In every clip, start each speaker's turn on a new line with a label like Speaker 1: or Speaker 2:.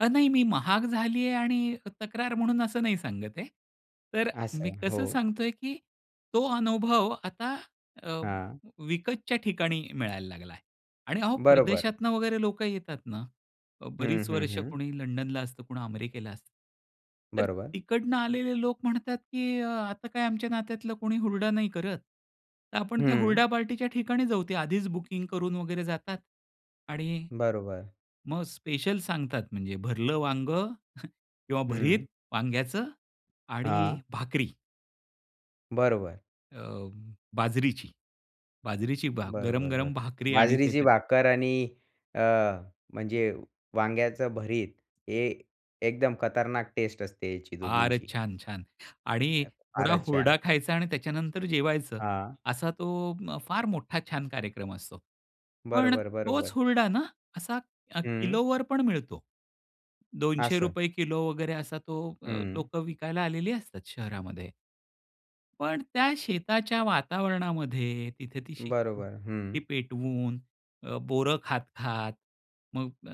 Speaker 1: अ नाही मी महाग झाली आहे आणि तक्रार म्हणून असं नाही सांगत आहे. तर मी
Speaker 2: असं,
Speaker 1: कसं
Speaker 2: हो.
Speaker 1: सांगतोय की तो अनुभव आता अ,
Speaker 2: हां.
Speaker 1: विकतच्या ठिकाणी मिळायला लागलाय. आणि अहो
Speaker 2: बरोबर.
Speaker 1: परदेशातनं वगैरे लोक येतात ना. अ,
Speaker 2: हं,
Speaker 1: बरीच
Speaker 2: हं,
Speaker 1: वर्ष
Speaker 2: हं.
Speaker 1: कुणी लंडनला असतं कुणी अमेरिकेला असतं. तर
Speaker 2: बरोबर.
Speaker 1: तिकडनं आलेले लोक म्हणतात की अ, आता काय आमच्या नात्यातला कोणी हुरडा नाही करत. तर आपण त्या
Speaker 2: हं.
Speaker 1: हुरडा पार्टीच्या ठिकाणी जाऊ. ते आधीच बुकिंग करून वगैरे जातात आणि
Speaker 2: बरोबर.
Speaker 1: मग स्पेशल सांगतात म्हणजे भरलं वांगं किंवा भरीत
Speaker 2: हं.
Speaker 1: वांग्याचं आणि
Speaker 2: हां.
Speaker 1: भाकरी.
Speaker 2: बरोबर.
Speaker 1: अ, बाजरीची. बाजरीची भा
Speaker 2: बरं, बरं, बरं.
Speaker 1: गरम-गरम भाकरी आणि ते च
Speaker 2: बाजरीची भाकर आणि अ, म्हणजे वांग्याचं भरीत हे एकदम खतरनाक टेस्ट असते याची
Speaker 1: फारच
Speaker 2: दोघींची.
Speaker 1: छान-छान! आणि
Speaker 2: अ,
Speaker 1: थोडा
Speaker 2: फारच छान!
Speaker 1: हुरडा खायचा आणि त्याच्यानंतर जेवायचं.
Speaker 2: हां.
Speaker 1: असा तो उम्म, फार मोठा छान कार्यक्रम असतो. पण
Speaker 2: बरोबर,
Speaker 1: तोच
Speaker 2: बरोबर.
Speaker 1: हुरडा ना, असा अ,
Speaker 2: हं.
Speaker 1: किलोवर पण मिळतो. दोनशे
Speaker 2: असं.
Speaker 1: रुपये किलो वगैरे असा तो अ,
Speaker 2: हं.
Speaker 1: लोक विकायला आलेली असतात शहरामध्ये. पण त्या शेताच्या वातावरणामध्ये तिथे ती
Speaker 2: बरोबर.
Speaker 1: शेकोटी
Speaker 2: हं.
Speaker 1: पेटवून. अ, बोरं खात-खात, मग अ,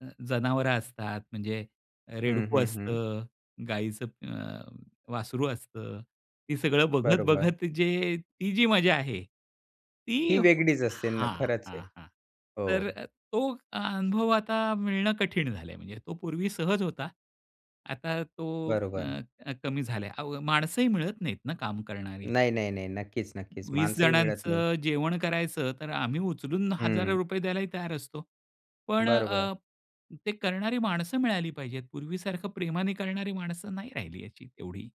Speaker 1: अ, जनावरं असतात, म्हणजे अ,
Speaker 2: हं,
Speaker 1: रेडकू
Speaker 2: हं, हं.
Speaker 1: असतं, गाईचं अ, वासरू असतं. ते सगळं
Speaker 2: बरोबर.
Speaker 1: बघत-बघत जे ती जी मजा आहे, ती
Speaker 2: ती वेगळीच असेल न
Speaker 1: हां,
Speaker 2: खरंच
Speaker 1: हां,
Speaker 2: आहे.
Speaker 1: हां. तर
Speaker 2: हो.
Speaker 1: अ, तो अनुभव आता मिळणं कठीण झालंय म्हणजे तो पूर्वी सहज होता. आता तो अ,
Speaker 2: बरोबर.
Speaker 1: अ, कमी झालाय. अहो, माणसंही मिळत नाहीत ना काम करणारी.
Speaker 2: नाही, नाही, नाही, नक्कीच, नक्कीच.
Speaker 1: 20
Speaker 2: माणसंही मिळत नाही.
Speaker 1: जणांचं जेवण करायचं तर आम्ही उचलून हजारो
Speaker 2: हं.
Speaker 1: रुपये द्यायलाही तयार असतो, पण अ,
Speaker 2: बरोबर.
Speaker 1: अ, ते करणारी माणसं मिळाली पाहिजेत, पूर्वीसारखं प्रेमाने करणारी माणसं नाही राहिली याची तेवढी.